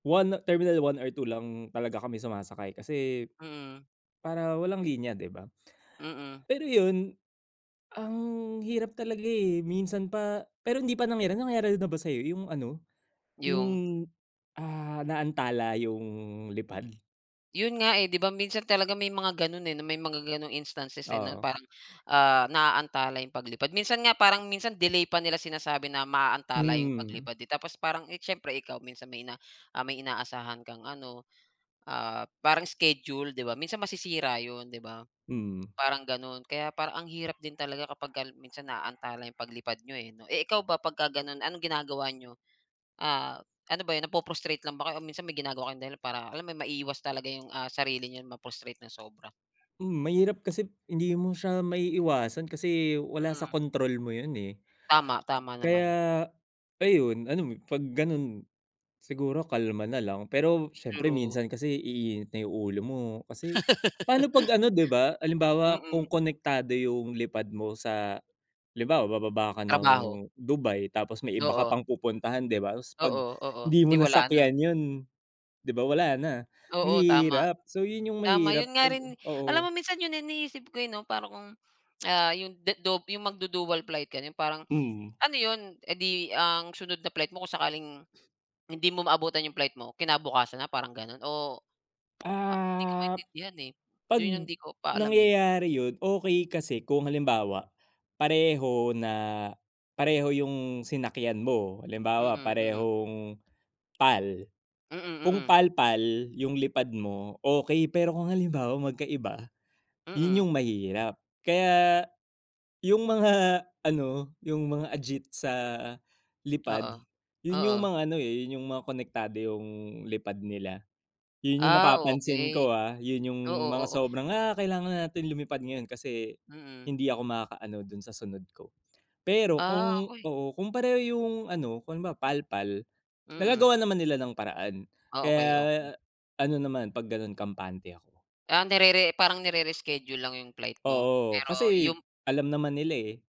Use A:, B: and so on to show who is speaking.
A: 1 terminal 1 or 2 lang talaga kami sumasakay kasi
B: Mm.
A: para walang linya, 'di ba?
B: Mm.
A: Pero yun, ang hirap talaga eh, minsan pa pero hindi pa nangyari. Nangyari na ba sa'yo yung ano,
B: Yung?
A: yung, ah, naantala yung lipad?
B: 'Yon nga eh, 'di ba? Minsan talaga may mga gano'n eh, may mga gano'ng instances eh 'no,
A: Oo.
B: parang, ah, naaantala yung paglipad. Minsan nga parang minsan delay pa nila sinasabi na maaantala yung
A: Mm.
B: paglipad eh, tapos parang, eh, siyempre ikaw, minsan may na may inaasahan kang ano, ah, parang schedule, 'di ba? Minsan masisira 'yon, 'di ba,
A: Mm.
B: parang gano'n. Kaya parang ang hirap din talaga kapag minsan naantala ang paglipad niyo eh, 'no? Eh, ikaw ba pagka gano'n, anong ginagawa niyo? Ah, ano ba yun, napu-frustrate lang ba kayo, o minsan may ginagawa kayong dahilan para alam mo yun, maiwas talaga yung, ah, sarili na ma-frustrate ng sobra.
A: Mm, mahirap, kasi hindi mo siya maiiwasan kasi wala sa
B: Mm.
A: control mo yun eh,
B: Tama, tama naman.
A: kaya ayon, ano, 'pag gano'n, siguro kalma nalang. Pero siyempre
B: True.
A: minsan kasi iinit na yung ulo mo kasi paano 'pag ano, 'di ba, halimbawa
B: Mm.
A: kung konektado yung lipad mo sa halimbawa, bababa ka ng
B: Trabaho.
A: Dubai tapos may iba ka
B: Oo.
A: pang pupuntahan, 'di ba, 'pag
B: Oo, oo,
A: hindi mo
B: 'di, wala na.
A: nasakyan yun, 'di ba, wala na,
B: Oo, tama,
A: mahirap. So, yun yung
B: tama.
A: mahirap
B: 'Yun nga
A: 'pag
B: rin, alam
A: oo.
B: mo minsan yun yung iniisip ko eh, 'no, para kung, ah, yung dedu yung magdudual flight, gano'n, parang
A: Mm.
B: ano 'yon, eh di ang sunod na flight mo kung sakaling hindi mo maabutan yung flight mo, kinabukasan na, parang gano? Oo. Ah, hindi ko
A: Ah,
B: maintindihan eh,
A: 'pag
B: 'yon yung hindi ko pa alam eh.
A: nangyayari yun, okey, kasi kung halimbawa pareho na pareho yung sinakyan mo. Halimbawa
B: Mm, mm.
A: parehong PAL,
B: Mm,
A: kung
B: mm.
A: PAL-PAL yung lipad mo, okey. Pero kung halimbawa magkaiba, yun
B: Mm.
A: yung mahirap. Kaya yung mga ano, yung mga agit sa lipad,
B: Oo,
A: yun yung
B: oo.
A: mga ano eh, yung mga konektado yung lipad nila, yun yung
B: Ah,
A: napapansin
B: okey.
A: ko ah, yun yung
B: Oo,
A: mga
B: oo.
A: sobrang, "Ah, kailangan natin lumipad ngayon kasi
B: Mm.
A: hindi ako makakaano dun sa sunod ko." Pero
B: Ah,
A: kung
B: okey.
A: oo, kung pareho yung ano, kung halimbawa PAL-PAL,
B: Mm.
A: nagagawan naman nila ng paraan,
B: Ah,
A: kaya
B: okey, okey.
A: ano naman, 'pag gano'n, kampante ako.
B: Ah, nerere parang nire-reschedule lang yung flight mo.
A: Oo,
B: Pero
A: kasi
B: yung
A: alam naman nila eh.